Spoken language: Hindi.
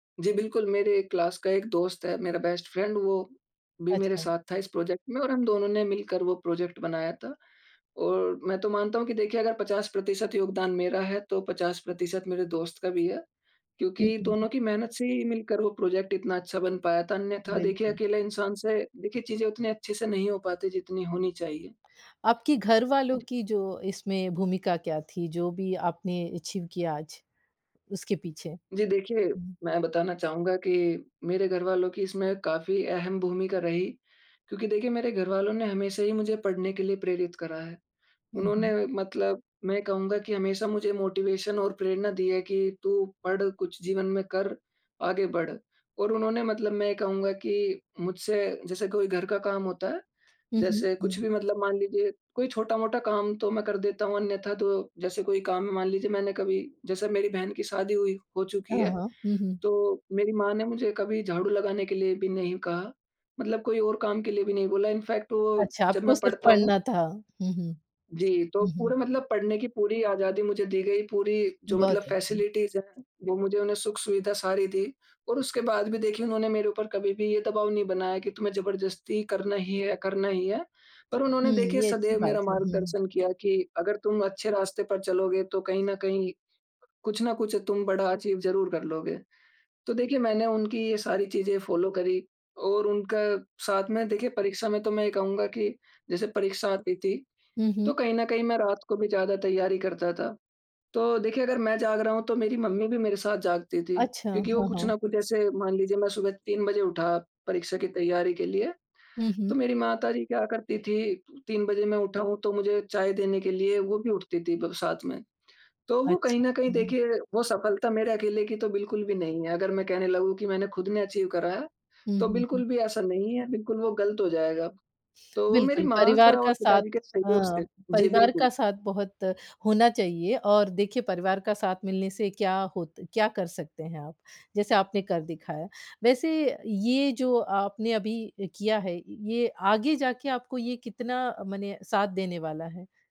जी, बिल्कुल मेरे क्लास का एक दोस्त है, मेरा बेस्ट फ्रेंड वो भी मेरे अच्छा। साथ था इस प्रोजेक्ट में और हम दोनों ने मिलकर वो प्रोजेक्ट बनाया था। और मैं तो मानता हूँ कि देखिए अगर 50% योगदान मेरा है, तो 50% मेरे दोस्त का भी है हुँ, क्योंकि हुँ, हुँ। दोनों की मेहनत से ही मिलकर वो प्रोजेक्ट इतना अच्छा बन पाया था। अन्यथा देखिए बिल्कुल। अकेले इंसान से देखिए चीज़ें उतनी अच्छे से नहीं हो पाती, जितनी होनी चाहिए। आपकी घरवालों जी। की जो इसमें भूमिका क्या थी, जो भी आपने अचीव किया आज उसके पीछे? जी, देखिए हुँ। मैं बताना चाहूँगा कि मेरे घरवालों की इसमें काफ़ी अहम भूमिका रही, क्योंकि देखिए मेरे घरवालों ने हमेशा ही मुझे पढ़ने के लिए प्रेरित करा है। हुँ, हुँ। उन्होंने मतलब मैं कहूँगा कि हमेशा मुझे मोटिवेशन और प्रेरणा दी है कि, "तू पढ़, कुछ जीवन में कर, आगे बढ़" और उन्होंने मतलब मैं कहूँगा कि मुझसे जैसे कोई घर का काम होता है, हुँ, हुँ, जैसे कुछ हुँ। भी मतलब मान लीजिए कोई छोटा-मोटा काम तो मैं कर देता हूँ अन्यथा तो जैसे कोई काम है मान लीजिए मैंने कभी जैसे मेरी बहन की शादी हुई हो चुकी हाँ, है। हाँ। हुँ, हुँ। तो मेरी माँ ने मुझे कभी झाड़ू लगाने के लिए भी नहीं कहा, मतलब कोई और काम के लिए भी नहीं बोला। इनफैक्ट वो अच्छा जब आपको मैं सिर्फ़ पढ़ता हूँ पढ़ना था। हुँ, हुँ। जी, तो हुँ, हुँ। पूरे मतलब पढ़ने की पूरी आज़ादी मुझे दी गई, पूरी जो मतलब बहुत अच्छे। फैसिलिटीज़ है वो मुझे उन्हें सुख-सुविधा सारी दी और उसके बाद भी देखिए उन्होंने मेरे ऊपर कभी भी ये दबाव नहीं बनाया कि तुम्हें ज़बरदस्ती करना ही है करना ही है। पर उन्होंने हुँ, देखिए ये अच्छी सदैव बात मेरा है, हुँ। मार्गदर्शन किया कि अगर तुम अच्छे रास्ते पर चलोगे तो कहीं न कहीं, कुछ ना कुछ तुम बड़ा अचीव ज़रूर कर लोगे। तो देखिए मैंने उनकी ये सारी चीज़ें फॉलो करी और उनका साथ में देखिए परीक्षा में तो मैं ये कहूँगा कि जैसे परीक्षा आती थी, हुँ, हुँ। तो कहीं न कहीं मैं रात को भी ज़्यादा तैयारी करता था, तो देखिए अगर मैं जाग रहा हूँ तो मेरी मम्मी भी मेरे साथ जागती थी अच्छा, क्योंकि वो हाँ, कुछ हाँ। ना कुछ ऐसे मान लीजिए मैं सुबह 3 बजे उठा परीक्षा की तैयारी के लिए, हुँ, हुँ। तो मेरी माताजी क्या करती थी 3 बजे मैं उठा हूँ तो मुझे चाय देने के लिए वो भी उठती थी भग साथ में। तो वो कहीं अच्छा, न कहीं हुँ, हुँ। देखिए वो सफलता मेरे अकेले की तो बिल्कुल भी नहीं है। अगर मैं कहने लगूँ की मैंने खुद ने अचीव करा है, हुँ, तो हुँ, हुँ। बिल्कुल भी ऐसा नहीं है, बिल्कुल वो गलत हो जाएगा। तो वो मेरी बिल्कुल, परिवार माता और का साथ पिताजी के सहयोग हाँ, से जी, परिवार का बिल्कुल। साथ बहुत होना चाहिए और देखिए परिवार का साथ मिलने से क्या होत क्या कर सकते हैं आप, जैसे आपने कर दिखाया। वैसे ये जो आपने अभी अ, किया है य ये आगे जाके आपको ये कितना मने साथ देने वाला है?